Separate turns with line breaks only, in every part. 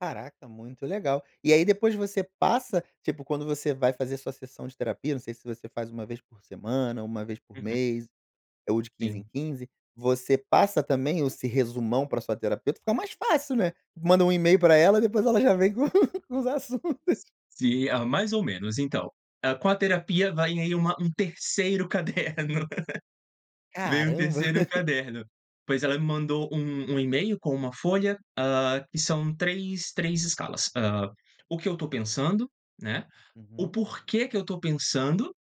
Caraca, muito legal. E aí depois você passa, tipo quando você vai fazer sua sessão de terapia, não sei se você faz 1 vez por semana, 1 vez por
Uhum.
mês, ou de 15 em
Sim.
15, você passa também esse resumão pra sua terapeuta, fica mais fácil, né, manda um e-mail pra ela e depois ela já vem com os assuntos.
Sim, ah, mais ou menos então. Ah, com a terapia vai aí uma, um 3º caderno. Vem um
Caramba.
3º caderno, pois ela me mandou um um e-mail com 1 folha, ah, que são 3, 3 escalas, hã, “O que eu tô pensando?”, né, “O
Uhum.
porquê que eu tô pensando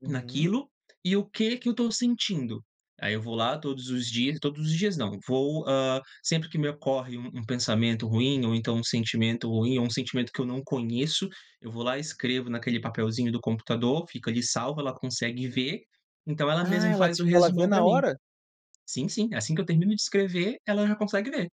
Uhum.
naquilo”, e “O que que eu estou sentindo?”. Aí eu vou lá todos os dias todos os dias não, vou, hã, sempre que me ocorre um pensamento ruim ou então um sentimento ruim ou um sentimento que eu não conheço, eu vou lá e escrevo naquele papelzinho do computador, fica ali salvo, ela consegue ver, então ela
Ah,
mesmo
ela
faz o
tipo ela vê
resumão pra
na
mim.
hora?
Sim, sim, assim que eu termino de escrever ela já consegue ver.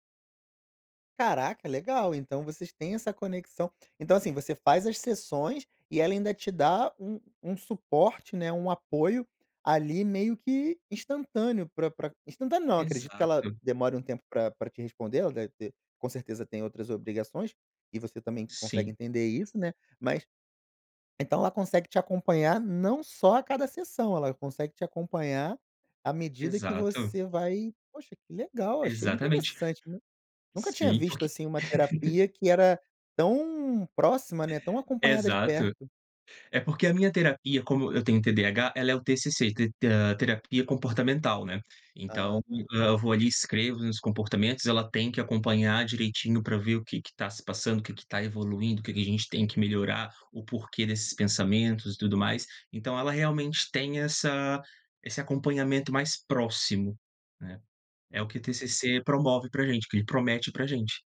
Caraca, legal então, vocês têm essa conexão Então, assim, você faz as sessões e ela ainda te dá um um suporte, né, um apoio ali meio que instantâneo, pra pra instantâneo não, acredito que ela
Exato.
demore um tempo pra pra te responder. Ela deve ter com certeza tem outras obrigações, e você também consegue
Sim.
entender isso, né, mas então ela consegue te acompanhar não só a cada sessão, ela consegue te acompanhar à medida que
Exato.
você vai Poxa, que legal, achei
Exatamente,
interessante, né. Nunca tinha
sim,
visto
porque
assim uma terapia que era tão próxima, né, tão acompanhada de
Exato,
perto.
é porque a minha terapia, como eu tenho TDAH, ela é o TCC, te hã, terapia comportamental, né. Então,
Ah tá.
eh, eu vou ali e escrevo os meus comportamentos, ela tem que acompanhar direitinho para ver o que que tá se passando, o que que tá evoluindo, o que que a gente tem que melhorar, o porquê desses pensamentos e tudo mais. Então ela realmente tem essa, esse acompanhamento mais próximo, né. É o que o
Uhum.
TCC promove pra gente, o que ele promete pra gente.